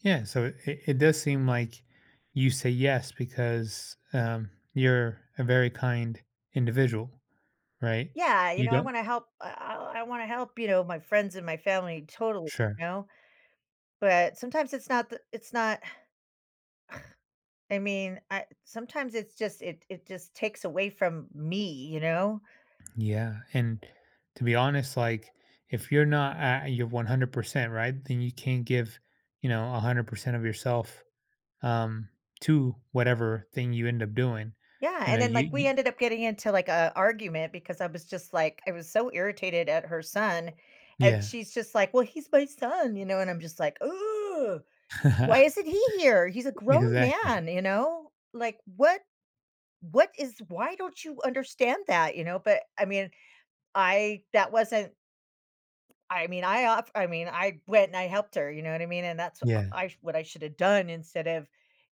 Yeah, so it it does seem like, you say yes because, um, you're a very kind individual, right? Yeah, you You know, I don't wanna help, uh uh, I wanna help, you know, my friends and my family totally, Sure. you know? But, sometimes it's not the it's not I mean, I sometimes it's just it it just takes away from me, you know? Yeah, and to be honest, like, if you're not at you're 100%, right, then you can't give, you know, 100% of yourself, um, to whatever thing you end up doing, Yeah, you and know then, you like, you we ended up getting into, like, a argument because I was just, like, I was so irritated at her son, and Yeah. she's just like, "Well, he's my son," you know, and I'm just like, "Why isn't he here? He's a grown Exactly. man," you know, like, "What, what is why don't you understand that," you know, but, I mean, I that wasn't I mean, I off I mean, I went, and I helped her, you know what I mean, and that's uh Yeah. I what I should have done instead of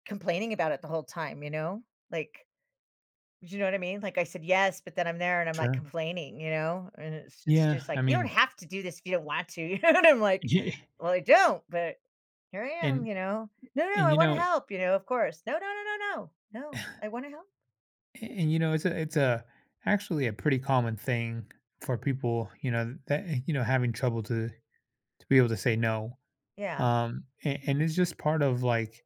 complaining about it the whole time, you know? Like, do you know what I mean? Like, I said, "Yes," but then I'm there, and I'm, like, Sure. complaining, you know, and it's it's Yeah, just I like, "You don't mean have to do this if you don't want to," you know, and I'm like, Yeah, eh "Well, I don't," but here I am, And you know? "No, no, and, I you wanna know help," you know, of course. "No, no, no, no, no no, I wanna help." a and you know, it's a it's a, actually a pretty common thing for people, you know, that, eh, you know, having trouble to to be able to say no, Yeah. um, a and it's just part of, like,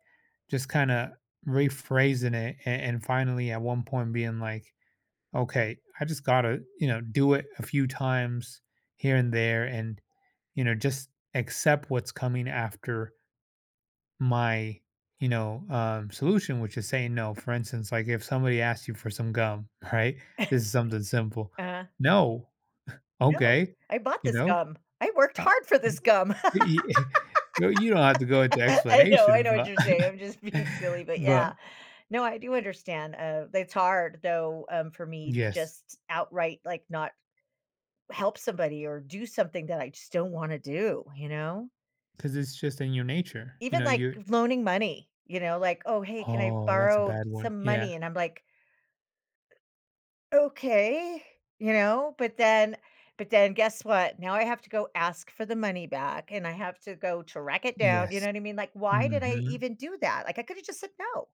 just kinda rephrasing it a and finally at one point being like, "Okay, I just gotta," you know, "do it a few times here and there and," you know, "just accept what's coming after" "my," you know, um, "solution," which is saying no. For instance, like, if somebody asked you for some gum, right? This is something simple, Uh-huh. "No." No, "Okay." I bought You this know? gum, I worked Fine hard for this wh gum. i i No, you don't have to go into I know, I explanation, know what but you're saying, I'm just being silly, but yeah. but No, I do understand, uh, it's hard, though, um, for me to Yes. just outright, like, not help somebody or do something that I just don't wanna do, you know? 'Cause it's just in your nature, you Even, know, like, you're loaning money, you know, like, "Oh, hey, can I Oh, that's a borrow bad one, some yeah. money?" And I'm like "Okay," you know, but then, but then guess what? Now I have to go ask for the money back, and I have to go track it down, you Yes. know what I mean, like, why did I Mhm. even do that, like, I could have just said no.